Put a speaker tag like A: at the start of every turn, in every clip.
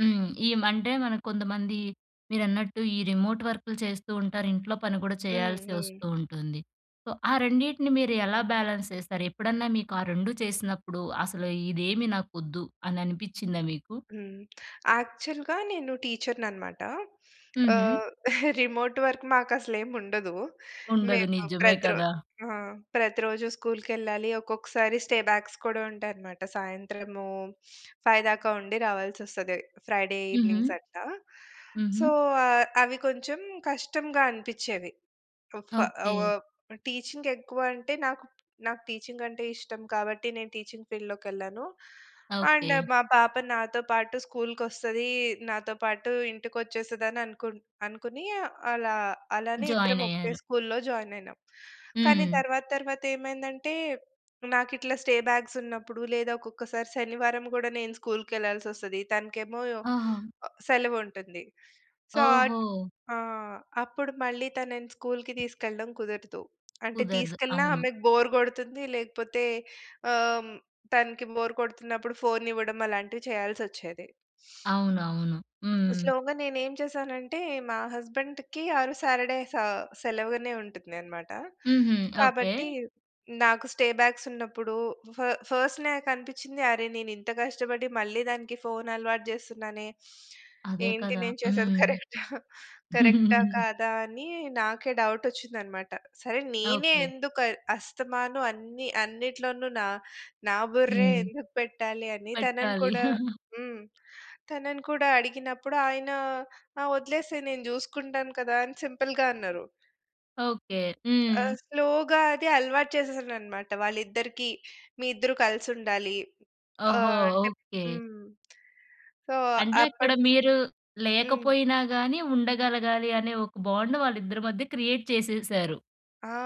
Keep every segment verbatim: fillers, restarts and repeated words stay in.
A: హ్మ్. ఈ మండే మనం కొంతమంది మీరన్నట్టు ఈ రిమోట్ వర్క్‌లు చేస్తూ ఉంటారు. ఇంట్లో పని కూడా
B: హ్మ్.
A: చేయాల్సి
B: హ్మ్.
A: వస్తూ ఉంటుంది. సో, ఆ రెండింటిని మీరెలా బ్యాలెన్స్ చేస్తారు? ఎప్పుడన్నా మీకు ఆ రెండూ చేసినప్పుడు అసలు ఇదేమీ నాకొద్దు అని అనిపిచ్చిందా మీకు?
B: హ్మ్. యాక్చువల్‌గా నేను టీచర్‌నన్నమాట.
A: హుహు.
B: ఆహ్, రిమోట్ వర్క్ మాకసలేం ఉండదు.
A: ఉండదు.
B: మేము
A: నిజమే
B: ప్రతి రో
A: కదా!
B: ఆ! ప్రతిరోజూ స్కూల్‌కేళ్ళాలి. ఒక్కొక్కసారి స్టే బ్యాక్స్ కూడా ఉంటాయన్నమాట. సాయంత్రము ఫైవ్ దాకా ఉండి రావాల్సి వస్తది. ఫ్రైడే
A: హుహు.
B: ఈవెనింగ్స్ అట్ల.
A: హుహు.
B: సో, అవి కొంచెం కష్టంగా అనిపించేవి. ఫ
A: ఓకే.
B: ఆహ్, టీచింగ్ ఎక్కువంటే నాకు నాకు టీచింగ్ అంటే ఇష్టం కాబట్టి నేను టీచింగ్ ఫీల్డ్‌లోకెళ్ళాను. And,
A: okay.
B: మా పాప నాతో పాటు స్కూల్‌కొస్తది, నాతో పాటు ఇంటికొచ్చేస్తదననుకుం అనుకుని అలా అలానే ఇద్దరం ఒకే
A: జాయినయ్యారు.
B: స్కూల్‌లో జాయిన్ అయినాం. కానీ
A: హ్మ్.
B: తర్వాత తర్వాతేమైందంటే నాకిట్లా స్టే బ్యాక్సున్నప్పుడు లేదా ఒక్కొక్కసారి శనివారం కూడా నేను స్కూల్‌కెళ్ళాల్సొస్తది. తనకేమో ఒ
A: ఆహా!
B: సెలవుంటుంది. సో, అట్
A: ఓహో!
B: ఆ! అప్పుడు మళ్ళీ తనని స్కూల్‌కి తీసుకెళ్ళడం కుదరదు. అంటే
A: కుదరదు.
B: తీసుకెళ్ళినా
A: అవును.
B: ఆమెకు బోర్ కొడుతుంది, లేకపోతే ఆహ్, తనకి బోర్ కొడుతున్నప్పుడు ఫోన్ ఇవ్వడం అలాంటివి చేయాల్సచ్చేది.
A: అవునవును. హ్మ్.
B: స్లోగా, నేనేం చేసానంటే, మా హస్బెండ్‌కి ఆరోజు సాటర్డే స సెలవుగానే ఉంటుందన్నమాట.
A: హుహు. ఓకే.
B: కాబట్టి నాకు స్టే బ్యాక్సున్నప్పుడు ఫ ఫస్ట్ నాకనిపిచ్చింది అరె, నేనింత కష్టపడి మళ్ళీ దానికి ఫోన్ అలవాటు చేస్తున్నానే
A: అదే
B: ఏంటి,
A: కదా!
B: నేను చేసేది
A: హ్మ్.
B: కరెక్టా, కరెక్టా కాదా? అని నాకే డౌటచ్చిందన్నమాట. సరే, నేనే
A: ఓకే.
B: ఎందుకు అస్తమాను అన్ని అన్నిట్లోనూ న నా బుర్రే
A: హ్మ్.
B: ఎందుకు పెట్టాలని తనను
A: పెట్టాలి.
B: కూడా హ్మ్. తనను కూడా అడిగినప్పుడు, ఆయన "ఆ వదిలేసేయి, నేను చూసుకుంటాను కదా!" అని సింపుల్‌గా అన్నరు.
A: ఓకే.
B: ఆ!
A: హ్మ్.
B: స్లోగా అది అలవాటు చేసేసానన్నమాట వాళ్ళిద్దరికీ. మీ ఇద్దరు కలిసుండాలి.
A: ఓహో!
B: ఆహ్, అంటే
A: ఓకే.
B: హ్మ్. సో,
A: అంటే అక్కడ
B: అప్పటినుంచి
A: మీరు
B: హ్మ్.
A: లేకపోయినా గాని ఉండగలగాలి, అనే ఒక బాండ్ వాళ్ళిద్దరి మధ్య క్రియేట్ చేసేసారు.
B: ఆ!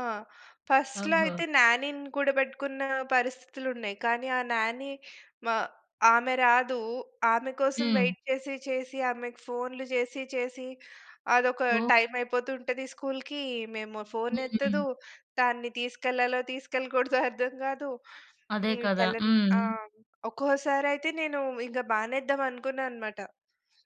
B: ఫస్ట్‌లో
A: ఓహో!
B: అయితే న్యానీని కూడా పెట్టుకున్న పరిస్థితులు ఉన్నాయి. కానీ ఆ నాని మా ఆమె రాదు. ఆమె కోసం
A: హ్మ్.
B: వెయిట్ చేసి చేసి, ఆమెకి ఫోన్లు చేసి చేసి అదొక
A: ఓహ్!
B: టైమైపోతుంటది స్కూల్‌కి. ఇమేమో
A: హ్మ్.
B: ఫోనెత్తదు. దాన్ని తీసుకెళ్ళాలో, తీసుకెళ్ళకూడదో అర్థం కాదు.
A: అదే
B: ఇ
A: కదా!
B: తెలన్ ఆ!
A: హ్మ్.
B: ఒక్కోసారి అయితే నేను ఇంక మానేద్దాం అనుకున్నానన్నమాట.